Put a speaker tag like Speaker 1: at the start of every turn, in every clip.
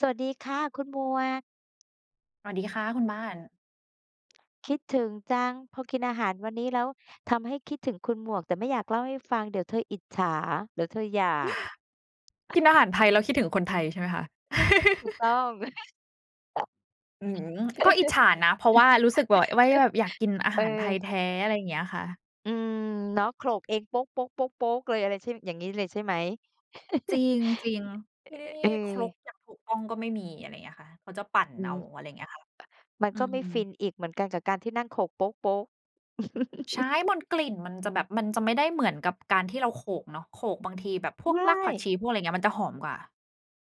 Speaker 1: สวัสดีค่ะ คุณหมวก
Speaker 2: สวัสดีค่ะคุณบ้าน
Speaker 1: คิดถึงจัง พอกินอาหารวันนี้แล้วทำให้คิดถึงคุณหมวก แต่ไม่อยากเล่าให้ฟังเดี๋ยวเธออิจฉา เดี๋ยวเธออยาก?
Speaker 2: กินอาหารไทยแล้วคิดถึงคนไทยใช่ไหมคะ?
Speaker 1: ถูกต้อง
Speaker 2: อืม ก็อิจฉานะ เพราะว่ารู้สึก ว ไว้ว่าแบบอยากกินอา
Speaker 1: เอ
Speaker 2: หารไทย
Speaker 1: อ
Speaker 2: แท้ อะไรอย่างเงี้ยค่ะ
Speaker 1: อืม เนาะ โขลกเอง เลย อะไรใช่ อย่างงี้เลยใช่ไหม?
Speaker 2: จริง จริง ที่นี่ นี
Speaker 1: เ
Speaker 2: ่
Speaker 1: ออ
Speaker 2: ครกอย่างถูกต้องก็ไม่มี อะไรอย่างเงี้ยค่ะ เขาจะปั่น
Speaker 1: อื
Speaker 2: เอา
Speaker 1: ม
Speaker 2: อะไร อย่างเงี้ยค่ะ
Speaker 1: มัน
Speaker 2: อื
Speaker 1: ก็ไม่
Speaker 2: ม
Speaker 1: ฟินอีก เหมือนกันกับการที่นั่งโขลก
Speaker 2: ใช่ บนกลิ่นมันจะแบบ มันจะไม่ได้เหมือนกับการที่เราโขลกเนาะ โขลกบางทีแบบพว
Speaker 1: ไม
Speaker 2: กรากผักช
Speaker 1: ่
Speaker 2: ี พวกอะไรอย่างเงี้ย มันจะหอมกว่า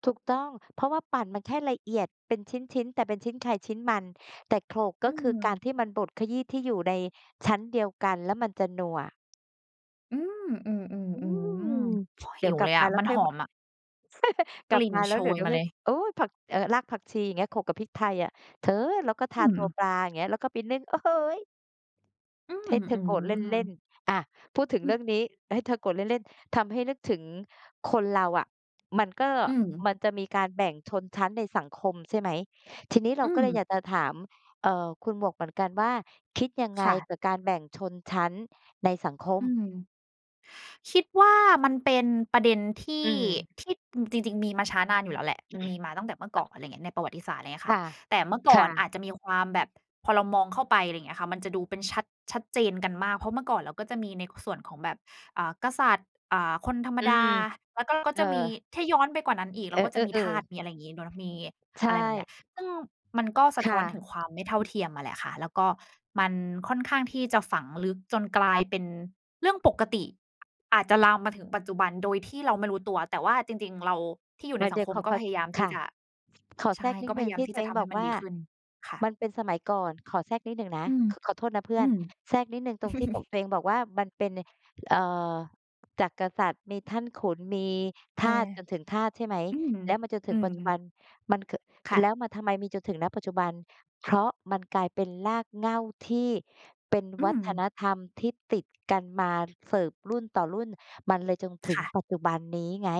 Speaker 1: ถูกต้อง เพราะว่าปั่นมันแค่ละเอียดเป็นชิ้น ๆ แต่เป็นชิ้นใครชิ้นมัน แต่โขลกก
Speaker 2: อื
Speaker 1: ็คือการ
Speaker 2: ม
Speaker 1: ที่มันบดขยี้ที่อยู่ในชั้นเดียวกัน แล้วมันจะนัวอะ
Speaker 2: อืม อื
Speaker 1: อื
Speaker 2: ม
Speaker 1: ม
Speaker 2: ๆ ๆ โอ้โฮ
Speaker 1: เด
Speaker 2: ห
Speaker 1: ี๋
Speaker 2: ิ
Speaker 1: ยว
Speaker 2: ว
Speaker 1: กลั
Speaker 2: เล
Speaker 1: บ
Speaker 2: ย
Speaker 1: ม
Speaker 2: อ
Speaker 1: า
Speaker 2: ะ
Speaker 1: แล้ว
Speaker 2: มัน
Speaker 1: ค่อ
Speaker 2: ห
Speaker 1: ย
Speaker 2: อ
Speaker 1: บ
Speaker 2: มอะ
Speaker 1: ก
Speaker 2: ก
Speaker 1: ลับ
Speaker 2: ลิ่
Speaker 1: ม
Speaker 2: น
Speaker 1: าแ
Speaker 2: โ
Speaker 1: ล้
Speaker 2: ช
Speaker 1: วเดี๋ยว
Speaker 2: ย
Speaker 1: เดี๋ย
Speaker 2: ม
Speaker 1: ว
Speaker 2: า
Speaker 1: ค
Speaker 2: เ
Speaker 1: ่
Speaker 2: ล
Speaker 1: อย
Speaker 2: ย
Speaker 1: โอ้ ผัก เอ่อ รากผักชีเงี้ย โขลกกับพริกไทยอะ เธอ แล้วก็ท
Speaker 2: อื
Speaker 1: าตัว
Speaker 2: ม
Speaker 1: ปลา อย่างเงี้ย แล้วไปนึ่ง โอ้โฮ
Speaker 2: อืม
Speaker 1: ให้เธอ
Speaker 2: อื
Speaker 1: โกรธเล่น
Speaker 2: ม
Speaker 1: ๆ อา พูดถึง
Speaker 2: อ
Speaker 1: เ
Speaker 2: ื
Speaker 1: รื่อ
Speaker 2: อ
Speaker 1: งนี้ ให้เธอโกรธเล่น ๆ ทำให้นึกถึงคนเราอะ มันก็
Speaker 2: อืม
Speaker 1: มันจะมีการแบ่งชนชั้นในสังคม ใช่ไหม ทีนี้เร
Speaker 2: อื
Speaker 1: าก็เลยอย
Speaker 2: ม
Speaker 1: ากจะถาม เอ่อ คุณหมวกเหมือนกันว่า คิดยังไง
Speaker 2: ค่ะ
Speaker 1: กับการแบ่งชนชั้นในสังคม?
Speaker 2: อืม คิดว่ามันเป็นประเด็นที
Speaker 1: อื
Speaker 2: ่
Speaker 1: ม
Speaker 2: ที่ อ จริง ๆ มีมาช้านานอยู่แล้วแหละ มันมีมาตั้งแต่เมื่อก่อน อะไรอย่างเงี้ย ในประวัติศาสตร์ อะไรอย่างเงี้ย
Speaker 1: ค
Speaker 2: ค่ะ
Speaker 1: ่ะ
Speaker 2: แต่เมื่อก
Speaker 1: ค
Speaker 2: ่อ
Speaker 1: ่
Speaker 2: น
Speaker 1: ะ
Speaker 2: อาจจะมีความแบบ พอเรามองเข้าไป อะไรอย่างเงี้ยค่ะ มันจะดูเป็นชัด ชัดเจนกันมาก เพราะเมื่อก่อนเราก็จะมีใน ค ส่วนของแบบ อ่า กษัตริย์ อ่า คนธรรม
Speaker 1: อื
Speaker 2: ดา
Speaker 1: ม
Speaker 2: แล้วก็ ก็
Speaker 1: เอ
Speaker 2: จ
Speaker 1: อ
Speaker 2: ะมี ถ้าย้อนไปกว่านั้นอีกเ
Speaker 1: เ
Speaker 2: ร
Speaker 1: อ
Speaker 2: าก็จะมี
Speaker 1: อ
Speaker 2: ทาส มี
Speaker 1: ๆ
Speaker 2: อะไรอย่างงี้เนาะ มี
Speaker 1: ๆ ใช
Speaker 2: อ
Speaker 1: ่
Speaker 2: ะไรแบบเนี้ย ซึ่งมันก็ส
Speaker 1: ค
Speaker 2: ะท
Speaker 1: ่
Speaker 2: ้
Speaker 1: ะ
Speaker 2: อนถึงความไม่เท่าเทียมอะแหละค่ะ แล้วก็มันค่อนข้างที่จะฝังลึกจนกลายเป็นเรื่องปกติ อาจจะลามมาถึงปัจจุบันโดยที่เราไม่รู้ตัว แต่ว่าจริง ๆ เราที่อยู
Speaker 1: ป
Speaker 2: ่ใน
Speaker 1: ระ
Speaker 2: ส
Speaker 1: เ
Speaker 2: ั
Speaker 1: ด
Speaker 2: ง
Speaker 1: ี๋ย
Speaker 2: ค
Speaker 1: วข
Speaker 2: ม
Speaker 1: อ
Speaker 2: ก
Speaker 1: ข
Speaker 2: ็
Speaker 1: อ
Speaker 2: พยายามท
Speaker 1: ค
Speaker 2: ี่
Speaker 1: ่ะ
Speaker 2: จะ
Speaker 1: ขอ
Speaker 2: ใช
Speaker 1: แทร
Speaker 2: ่
Speaker 1: กนิ
Speaker 2: ก็
Speaker 1: ดห
Speaker 2: พ
Speaker 1: นึ่
Speaker 2: ย
Speaker 1: ง
Speaker 2: ายา
Speaker 1: ท
Speaker 2: ม
Speaker 1: ี่
Speaker 2: ที
Speaker 1: ต
Speaker 2: ่
Speaker 1: ั
Speaker 2: จ
Speaker 1: วเ
Speaker 2: ะ
Speaker 1: อ
Speaker 2: ท
Speaker 1: ง
Speaker 2: ำ
Speaker 1: บ
Speaker 2: ให
Speaker 1: อ
Speaker 2: ้
Speaker 1: ก
Speaker 2: มั
Speaker 1: ว
Speaker 2: น
Speaker 1: ่
Speaker 2: ด
Speaker 1: า
Speaker 2: ีขึ้น ค่ะ
Speaker 1: มันเป็นสมัยก่อน ขอแทรกนิดหนึ่งนะ
Speaker 2: อืม
Speaker 1: ข ขอโทษนะเพื่
Speaker 2: อ
Speaker 1: อ
Speaker 2: ื
Speaker 1: น
Speaker 2: ม
Speaker 1: แทรกนิดหนึ่งตรงที่บอก ตัวเองบอกว่า มันเป็น เอ่อ จากกษัตริย์ มีท่านขุน มี
Speaker 2: เ
Speaker 1: ท
Speaker 2: ออ
Speaker 1: าส จนถึงทาส ใช่ไหม
Speaker 2: อืม
Speaker 1: แล้วมันจนถึ
Speaker 2: อื
Speaker 1: งปั
Speaker 2: ม
Speaker 1: จจุบัน มันเกอะ
Speaker 2: ค่
Speaker 1: แล้
Speaker 2: ะ
Speaker 1: วมันทำไมมีจนถึง ณ ปัจจุบัน เพราะมันกลายเป็นรากเหง้าที่เป็น
Speaker 2: อื
Speaker 1: วัฒน
Speaker 2: ม
Speaker 1: ธรรมที่ติด กันมา เสิร์ฟรุ่นต่อรุ่น มันเลยจนถึ
Speaker 2: ค
Speaker 1: ง
Speaker 2: ่ะ
Speaker 1: ปัจจุบันนี้ไง